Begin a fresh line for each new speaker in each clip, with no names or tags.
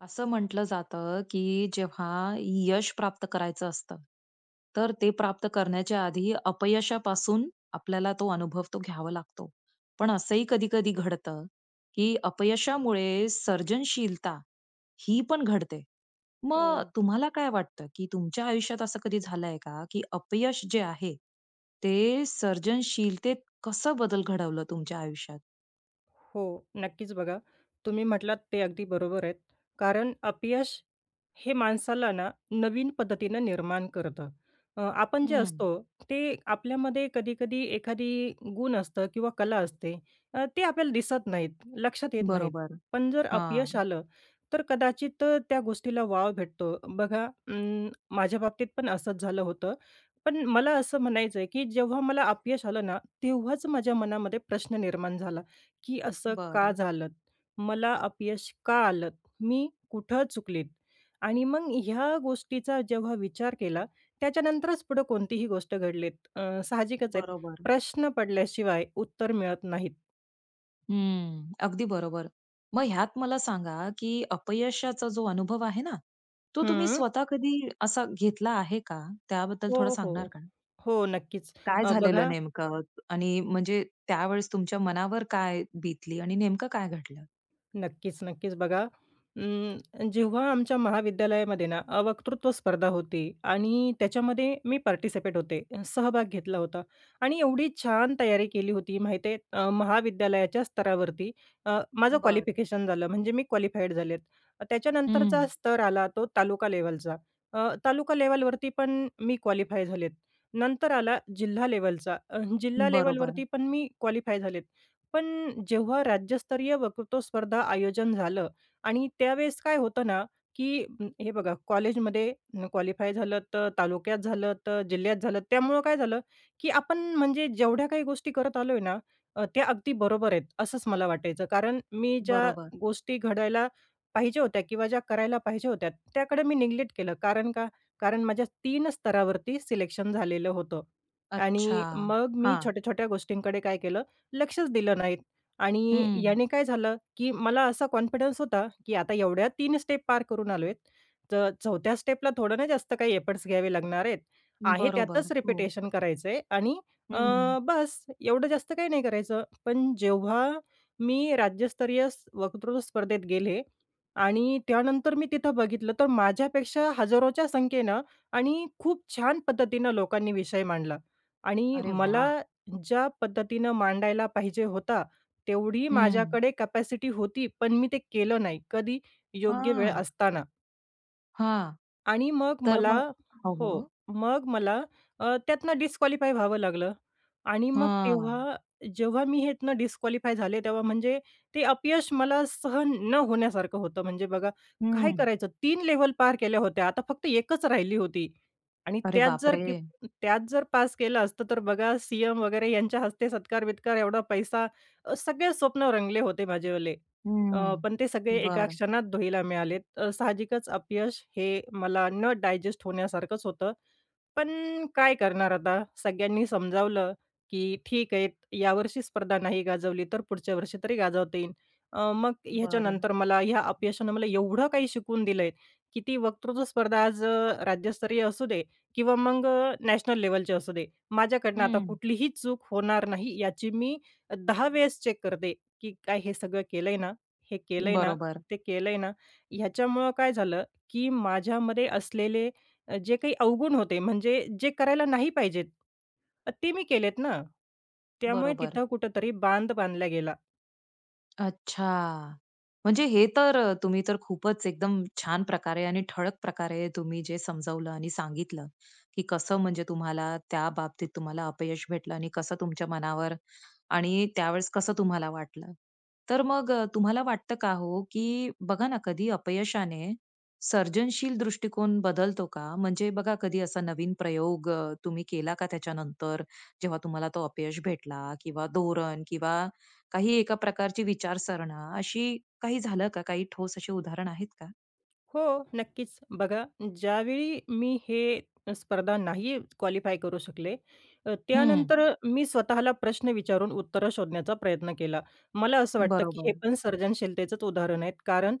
अस म्हटलं जातं, की जेव्हा यश प्राप्त करायचं असतं, तर ते प्राप्त करण्याच्या आधी अपयशापासून आपल्याला तो अनुभव तो घ्यावा लागतो. पण असंही कधी-कधी घडतं, की अपयशामुळे सर्जनशीलता ही पण घडते. मग
हो.
तुम्हाला काय वाटतं, की तुमच्या आयुष्यात असं कधी झाल आहे का? की अपयश जे आहे, ते सर्जनशीलतेत कसं बदल घडवलं तुमच्या आयुष्यात?
हो. नक्कीच बघा. तुम्ही म्हटलात ते अगदी बरोबर आहेत. कारण अपयश हे माणसाला ना, नवीन पद्धतीनं निर्माण करतं. अ, आपण जे
हं.
असतो ते आपल्यामध्ये कधी-कधी एखादी गुण असतं किंवा कला असते. अ, ते आपल्याला दिसत नाही. लक्षात येत नाही.
बरोबर.
पण जर अपयश
हां.
आलं, तर कदाचित त्या गोष्टीला वाव भेटतो. बघा अं, माझ्या बाबतीतपण असंच झालं होतं. पण मला असं म्हणायचं आहे, की जेव्हा मला अपयश आलं ना, तेव्हाच माझ्या मनामध्ये प्रश्न निर्माण झाला, की असं का
बरं.
झालं? मला अपयश का आलं? मी कुठं चुकले? आणि मग ह्या गोष्टीचा जेव्हा विचार केला, त्याच्यानंतरच पुढं कोणतीही गोष्ट घडलीत. अ, साहजिकच आहे
बरोबर.
प्रश्न पडल्याशिवाय उत्तर मिळत नाही.
हं, अगदी बरोबर. मग ह्यात मला सांगा, की अपयशाचा जो अनुभव आहे ना, तो तुम्ही
हं.
स्वतः कधी असा घेतला आहे का? त्याबद्दल थोडं
हो,
सांगणार
हो,
का?
हो. नक्कीच,
काय
अ,
झालेलं
बघा
नेमकं आणि म्हणजे त्यावेळेस तुमच्या मनावर काय बीतली आणि नेमकं काय घडलं?
नक्कीच-नक्कीच. बघा, उम्म, जेव्हा आमच्या महाविद्यालयामध्ये ना, अ, वक्तृत्व स्पर्धा होती आणि त्याच्यामध्ये मी पार्टिसिपेट होते, सहभाग घेतला होता आणि एवढी छान तयारी केली होती माहीत आहे. अ, महाविद्यालयाच्या स्तरावरती, अ, माझं
बरं.
क्वालिफिकेशन झालं म्हणजे मी क्वालिफाईड झाले. त्याच्यानंतरचा
हं.
स्तर आला तो तालुका लेवलचा. अ, तालुका लेव्हलवरती पण मी क्वालिफाय झाले. नंतर आला जिल्हा लेवलचा. अ, जिल्हा
बरोबर.
लेव्हलवरती पण मी क्वालिफाय झाले. पण जेव्हा राज्यस्तरीय वक्तृत्व स्पर्धे आयोजन झालं आणि त्यावेळेस काय होतं ना, की अ, हे बघा कॉलेजमध्ये क्वालिफाय झालं तर तालुक्यात झालं तर जिल्ह्यात झालं. त्यामुळं काय झालं, की आपण म्हणजे जेवढ्या काही गोष्टी करत आलो आहे ना, अ, त्या अगदी बरोबर आहेत असंच मला वाटायचं. कारण मी ज्या
बरोबर.
गोष्टी घडवायला पाहिजे होत्या किंवा ज्या करायला पाहिजे होत्या त्याकडे मी निग्लेक्ट केलं. कारण का? कारण माझ्या 3 स्तरावरती सिलेक्शन झालेलं होतं
अच्छा!
आणि मग मी
हां.
छोट्या-छोट्या गोष्टींकडे काय केलं, लक्षच दिलं नाहीत आणि
हं.
याने काय झालं, की मला असा कॉन्फिडन्स होता, की आता एवढ्या 3 स्टेप पार करून आलोय तर 4थ्या स्टेप ला थोडं ना, जास्त काही एफर्ट्स घ्यावे लागणार आहेत. आहे
बरोबर,
त्यातच
हो.
रिपिटेशन करायचं आहे आणि अ,
हं.
बस एवढं जास्त काही नाही करायचं. पण जेव्हा मी राज्यस्तरीय वक्तृत्व स्पर्धेत गेले आणि त्यानंतर मी तिथं बघितलं तर माझ्यापेक्षा हजारोच्या संख्येनं आणि खूप छान पद्धतीनं लोकांनी विषय मांडला आणि
अरे
मला
वाह!
ज्या पद्धतीनं मांडायला पाहिजे होता तेवढी
हं.
माझ्याकडे कॅपॅसिटी होती, पण मी ते केलं नाही कधी? योग्य वेळ
हां.
असताना.
हां.
आणि मग
तर
मला
मग हो,
हो.
हो.
मग मला अ, त्यातनं डिस्क्वालिफाय व्हावं लागलं आणि मग
हां.
तेव्हा जेव्हा मी ह्यातनं डिस्क्वालिफाय झाले, तेव्हा म्हणजे ते अपयश मला सहन न होण्यासारखं होतं. म्हणजे बघा, काय
हं.
करायचं 3 लेव्हल पार केल्या होत्या, आता फक्त 1 च राहिली होती. आणि
अरे
त्यात
बाप
जर
रे!
त्यात जर पास केलं असतं, तर बघा, सीएम वगैरे यांच्या हस्ते सत्कार-बित्कार, एवढा पैसा सगळे स्वप्न रंगले होते माझेवाले. अ,
हम्म,
पण ते सगळे एका
बरं.
क्षणात धुळीला मिळालेत. अ, साहजिकच अपयश हे मला न डायजेस्ट होण्यासारखंच होतं. पण काय करणार आता सगळ्यांनी समजावलं की "ठीक आहे, यावर्षी स्पर्धा नाही गाजवली, तर पुढच्या वर्षी तरी गाजवता येईन." अ, मग
बरं.
ह्याच्यानंतर मला ह्या अपयशानं मला एवढं काही शिकवून दिलंय, की ती वक्तृत्व स्पर्धा आज अ, राज्यस्तरीय असू दे किंवा मग अ, नॅशनल लेव्हलची असू दे, माझ्याकडनं आता
हं.
कुठलीही चूक होणार नाही, याची मी दहा वेळेस चेक करते, की "काय हे सगळं केलंय ना, हे केलंय ना,
बरोबर.
ते केलंय ना." ह्याच्यामुळं काय झालं, की माझ्यामध्ये असलेले अ, जे काही अवगुण होते, म्हणजे जे करायला नाही पाहिजेत, ते मी केलेत ना, त्यामुळे
बरोबर.
तिथं कुठेतरी बांध बांधला गेला.
अच्छा! म्हणजे हे तर अ, तुम्ही तर खूपच एकदम छान प्रकारे आणि ठळक प्रकारे तुम्ही जे समजावलं आणि सांगितलं, की कसं म्हणजे तुम्हाला त्या बाबतीत तुम्हाला अपयश भेटलं आणि कसं तुमच्या मनावर आणि त्यावेळेस कसं तुम्हाला वाटलं. तर मग अ, तुम्हाला वाटतं का हो, की बघा ना कधी अपयशाने, सर्जनशील दृष्टिकोन बदलतो का? म्हणजे बघा, कधी असा नवीन प्रयोग अ, तुम्ही केला का त्याच्यानंतर जेव्हा तुम्हाला तो अपयश भेटला किंवा धोरण किंवा काही एका प्रकारची विचारसरणी अशी काही झालं का? काही ठोस अशी उदाहरण आहेत का?
हो, नक्कीच. बघा ज्यावेळी मी हे स्पर्धा नाही क्वालिफाय करू शकले, अ,
हं.
त्यानंतर मी स्वतःला प्रश्न विचारून उत्तरं शोधण्याचा प्रयत्न केला. मला असं वाटतं की हे
बरोबर.
पण सर्जनशीलतेचच उदाहरण आहेत, कारण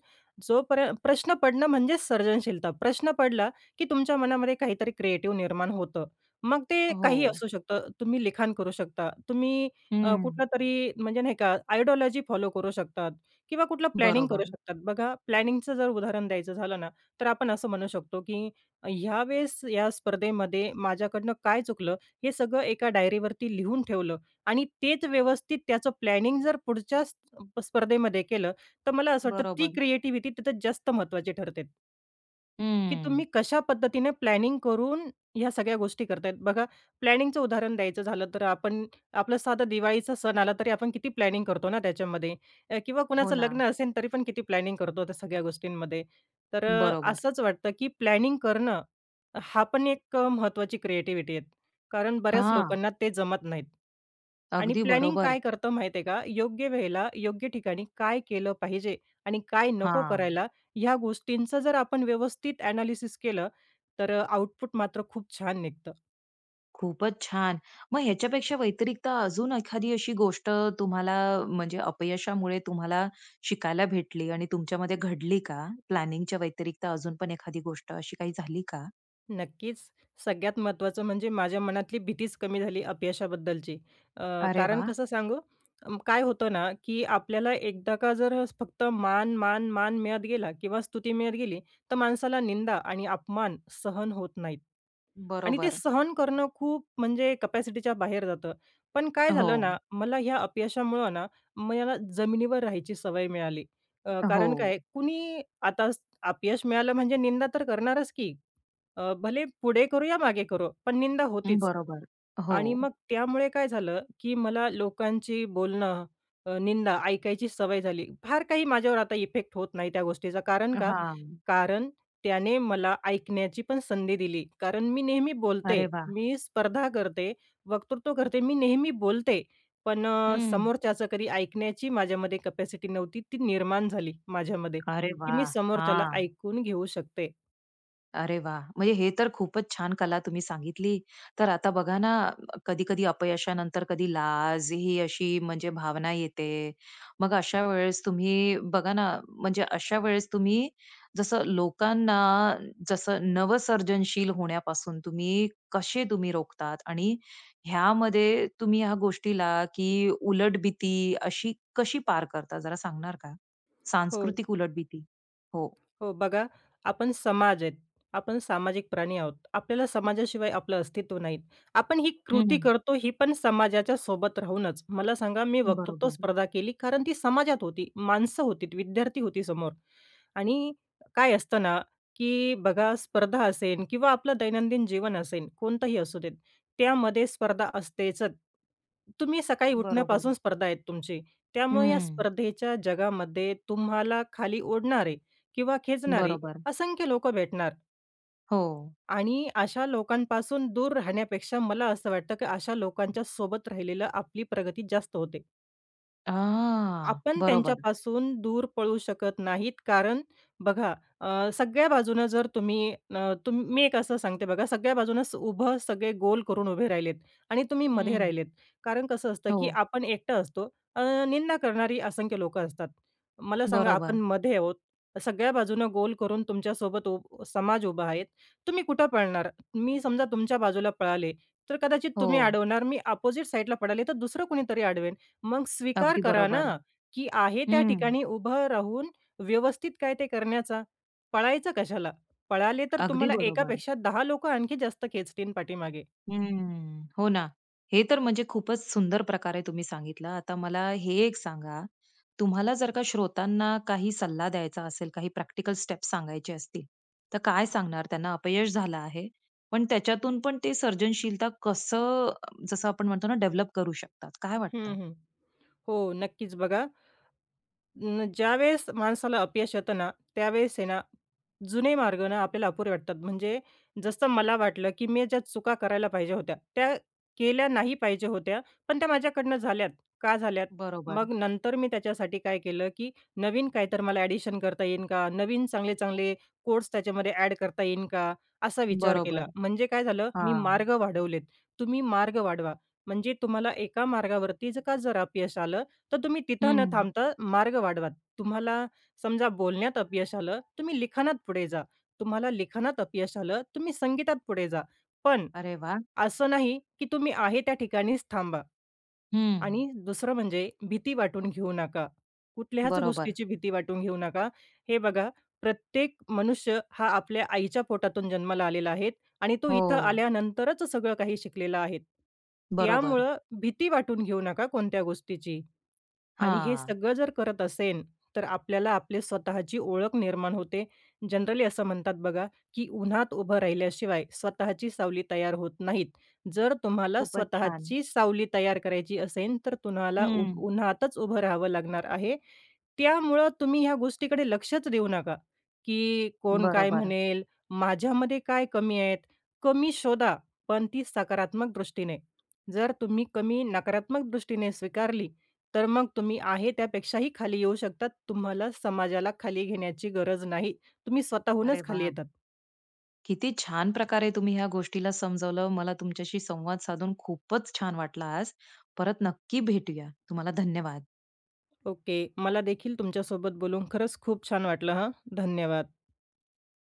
जो पर्यं प्रश्न पडणं म्हणजेच सर्जनशीलता. प्रश्न पडला की तुमच्या मनामध्ये काहीतरी क्रिएटिव्ह निर्माण होतं. मग ते काही
हो.
असू शकतं. तुम्ही लिखाण करू शकता, तुम्ही अ,
हं.
कुठलं तरी म्हणजे नाही का आयडियॉलॉजी फॉलो करू शकतात. किंवा कुठलं प्लॅनिंग करू
बरोबर.
शकतात. बघा प्लॅनिंगचं जर उदाहरण द्यायचं झालं ना, तर आपण असं म्हणू शकतो की ह्या वेळेस या स्पर्धेमध्ये माझ्याकडनं काय चुकलं, हे सगळं एका डायरीवरती लिहून ठेवलं आणि तेच व्यवस्थित त्याचं प्लॅनिंग जर पुढच्या स्पर्धेमध्ये केलं, तर मला असं वाटतं ती
बरोबर.
क्रिएटिविटी तिथे जास्त महत्त्वाची ठरते. की
हम्म.
तुम्ही कशा पद्धतीने प्लॅनिंग करून ह्या सगळ्या गोष्टी करत आहेत. बघा प्लॅनिंगचं उदाहरण द्यायचं झालं तर आपण, आपलं साधं दिवाळीचा सण आला तरी आपण किती प्लॅनिंग करतो ना त्याच्यामध्ये किंवा
हो
कुणाचं लग्न
ना.
असेल तरी पण किती प्लॅनिंग करतो त्या सगळ्या गोष्टींमध्ये. तर अ,
बरोबर.
असंच वाटतं की प्लॅनिंग करणं, हा पण एक महत्वाची क्रिएटिव्हिटी आहे. कारण बऱ्याच
हां.
लोकांना ते जमत नाहीत. आणि
अगदी
प्लॅनिंग
बरोबर.
काय करतो माहितीये का, योग्य वेळेला, योग्य ठिकाणी काय केलं पाहिजे? आणि काय नको
हां.
करायला? ह्या गोष्टींचा जर आपण व्यवस्थित ॲनालिसिस केलं, तर आउटपुट मात्र खूप छान निघतं.
खूपच छान! मग ह्याच्यापेक्षा व्यतिरिक्त अजून एखादी अशी गोष्ट तुम्हाला म्हणजे अपयशामुळे तुम्हाला शिकायला भेटली आणि तुमच्यामध्ये घडली का? प्लॅनिंगच्या व्यतिरिक्त अजून पण एखादी गोष्ट अशी काही झाली का?
नक्कीच. सगळ्यात महत्त्वाचं म्हणजे माझ्या मनातली भीतीच कमी झाली अपयशाबद्दलची. अ,
अरे
कारण
वाह!
कसं सांगू, अं, काय होतं ना की आपल्याला एकदा का जर फक्त मान, मान, मान मिळत गेला किंवा स्तुती मिळत गेली तर माणसाला निंदा आणि अपमान सहन होत नाहीत. आणि ते
बरोबर.
सहन करणं खूप म्हणजे कॅपॅसिटीच्या बाहेर जातं. पण काय झालं ना,
हो.
मला ह्या अपयशामुळं ना मला जमिनीवर राहायची सवय मिळाली. अ, कारण
हो.
काय कुणी आता अपयश मिळालं म्हणजे निंदा तर करणारच की. अ, भले पुढे करो, या मागे करो पण निंदा होतीच.
बरोबर.
आणि
हो.
मग त्यामुळे काय झालं, की मला लोकांची बोलणं अ, निंदा ऐकायची सवय झाली. फार काही माझ्यावर आता इफेक्ट होत नाही त्या गोष्टीचा. कारण का
हां.
कारण त्याने मला ऐकण्याची पण संधी दिली. कारण मी नेहमी बोलते,
अरे वाह!
मी स्पर्धा करते, वक्तृत्व करते, मी नेहमी बोलते. पण अ,
हं.
समोरच्याचं कधी ऐकण्याची माझ्यामध्ये कॅपॅसिटी नव्हती ती निर्माण झाली, माझ्यामध्ये,
अरे
की मी
वाह!
समोरच्याला
हां.
ऐकून घेऊ शकते.
अरे वाह! म्हणजे हे तर खूपच छान कला तुम्ही सांगितली. तर आता बघा ना, कधी-कधी अपयशानंतर कधी लाज ही अशी म्हणजे भावना येते. मग अशा वेळेस तुम्ही, बघा ना, म्हणजे अशा वेळेस तुम्ही जसं लोकांना जसं नवसर्जनशील होण्यापासून तुम्ही कसे तुम्ही रोखतात? आणि ह्यामध्ये तुम्ही ह्या गोष्टीला, की उलट भीती अशी कशी पार करता जरा सांगणार का?
हो.
सांस्कृतिक उलट भीती. हो.
हो बघा, आपण समाज आहेत. आपण सामाजिक प्राणी आहोत. आपल्याला समाजाशिवाय आपलं अस्तित्व नाहीत. आपण ही
हं,
कृती
हं.
करतो ही पण समाजाच्या सोबत राहूनच. मला सांगा, मी वक्तृत्व
बरोबर.
स्पर्धा केली कारण ती समाजात होती. माणसं होती, विद्यार्थी होती समोर आणि काय असतं ना, की बघा स्पर्धा असेन किंवा आपलं दैनंदिन जीवन असेल, कोणतंही असू देत. त्यामध्ये स्पर्धा असतेच. तुम्ही सकाळी उठण्यापासून
बरोबर.
स्पर्धा आहे तुमची. त्यामुळे या
हम्म.
स्पर्धेच्या जगामध्ये तुम्हाला खाली ओढणारे किंवा खेचणारे
बरोबर.
असंख्य लोकं भेटणार.
हो.
आणि अशा लोकांपासून दूर राहण्यापेक्षा मला असं वाटतं की अशा लोकांच्या सोबत राहिलेलं आपली प्रगती जास्त होते.
हां
आपण
बरोबर.
त्यांच्यापासून दूर पळू शकत नाहीत. कारण बघा अ, सगळ्या बाजूनं जर तुम्ही न, मी एक असं सांगते बघा सगळ्या बाजूनं उभं सगळे गोल करून उभे राहिलेत आणि तुम्ही मधे
हं.
राहिलेत. कारण कसं असतं, की
हो.
आपण एकटं असतो, अ, निंदा करणारी असंख्य लोकं असतात. मला सांगा आपण
बरोबर.
मधे आहोत. सगळ्या बाजूनं गोल करून तुमच्यासोबत उ समाज उभा आहे तुम्ही कुठं पळणार? मी समजा तुमच्या बाजूला पळाले तर कदाचित तुम्ही
हो.
अडवणार मी अपोझिट साइडला पळाले तर दुसरं कोणीतरी अडवेल. मग स्वीकार
अगदी
करा ना,
बरोबर.
की आहे त्या
हं.
ठिकाणी उभं राहून व्यवस्थित काय ते करण्याचा. पळायचं कशाला? पळाले तर
अगदी
तुम्हाला
बरोबर.
एकापेक्षा 10 लोकं आणखी जास्त खेचतील पाठीमागे.
हं. हो ना. हे तर म्हणजे खूपच सुंदर प्रकार आहे तुम्ही सांगितला. आता मला हे एक सांगा तुम्हाला जर का श्रोतांना काही सल्ला द्यायचा असेल, काही प्रॅक्टिकल स्टेप्स सांगायचे असतील, तर काय सांगणार त्यांना? अपयश झालं आहे. पण त्याच्यातून पण ते सर्जनशीलता कसं जसं आपण म्हणतो ना डेव्हलप करू शकतात काय
हं,
वाटतं?
हं. हो नक्कीच बघा. अं, ज्यावेळेस माणसाला अपयश येतं ना, त्यावेळेस आहे ना, जुने मार्ग ना आपल्याला अपुरे वाटतात. म्हणजे जसं मला वाटलं, की मी ज्या चुका करायला पाहिजे होत्या, त्या केल्या नाही पाहिजे होत्या. पण त्या माझ्याकडनं झाल्यात, का झाल्यात?
बरोबर.
मग नंतर मी त्याच्यासाठी काय केलं? की नवीन काही तर मला ॲडिशन करता येईन का? नवीन चांगले-चांगले कोर्स त्याच्यामध्ये ॲड करता येईन का? असा विचार केला.
बरोबर.
म्हणजे काय झालं? मी
हां
मार्ग वाढवलेत. तुम्ही मार्ग वाढवा. म्हणजे तुम्हाला एका मार्गावरती जर का जर अपयश आलं तर तुम्ही तिथं न
हं.
थांबता मार्ग वाढवा. तुम्हाला समजा बोलण्यात अपयश आलं, तुम्ही लिखाणात पुढे जा, तुम्हाला लिखाणात अपयश आलं, तुम्ही संगीतात पुढे जा. पण
अरे वाह!
असं नाही, की तुम्ही आहे त्या ठिकाणीच थांबा
हं.
आणि दुसरं म्हणजे भीती वाटून घेऊ नका. कुठल्याच
बरोबर.
गोष्टीची भीती वाटून घेऊ नका. हे बघा, प्रत्येक मनुष्य हा आपल्या आईच्या पोटातून जन्माला आलेला आहे आणि तो इथं
हो.
आल्यानंतरच सगळं काही शिकलेला आहे.
बरोबर.
त्यामुळं भीती वाटून घेऊ नका कोणत्या गोष्टीची. आणि हे
हां.
सगळं जर करत असेल, तर आपल्याला आपली स्वतःची ओळख निर्माण होते. जनरली असं म्हणतात बघा, की उन्हात उभं राहिल्याशिवाय स्वतःची सावली तयार होत नाहीत. जर तुम्हाला
खूपच छान.
स्वतःची सावली तयार करायची असेल तर तुम्हाला उ
हं.
उन्हातच उभं राहावं लागणार आहे. त्यामुळं तुम्ही ह्या गोष्टीकडे लक्षच देऊ नका. की कोण
बरं,
काय
बरं.
म्हणेल? माझ्यामध्ये काय कमी आहेत? कमी शोधा, पण ती सकारात्मक दृष्टीने. जर तुम्ही कमी नकारात्मक दृष्टीने स्वीकारली, तर मग तुम्ही आहे त्यापेक्षाही खाली येऊ शकतात. तुम्हाला समाजाला खाली घेण्याची गरज नाही. तुम्ही
अरे
स्वतःहूनच खाली
वाह!
येतात.
किती छान प्रकारे तुम्ही ह्या गोष्टीला समजावलं. मला तुमच्याशी संवाद साधून खूपच छान वाटलं आज. परत नक्की भेटूया. तुम्हाला धन्यवाद.
ओके. मला देखील तुमच्यासोबत बोलून खरंच खूप छान वाटलं हं. धन्यवाद.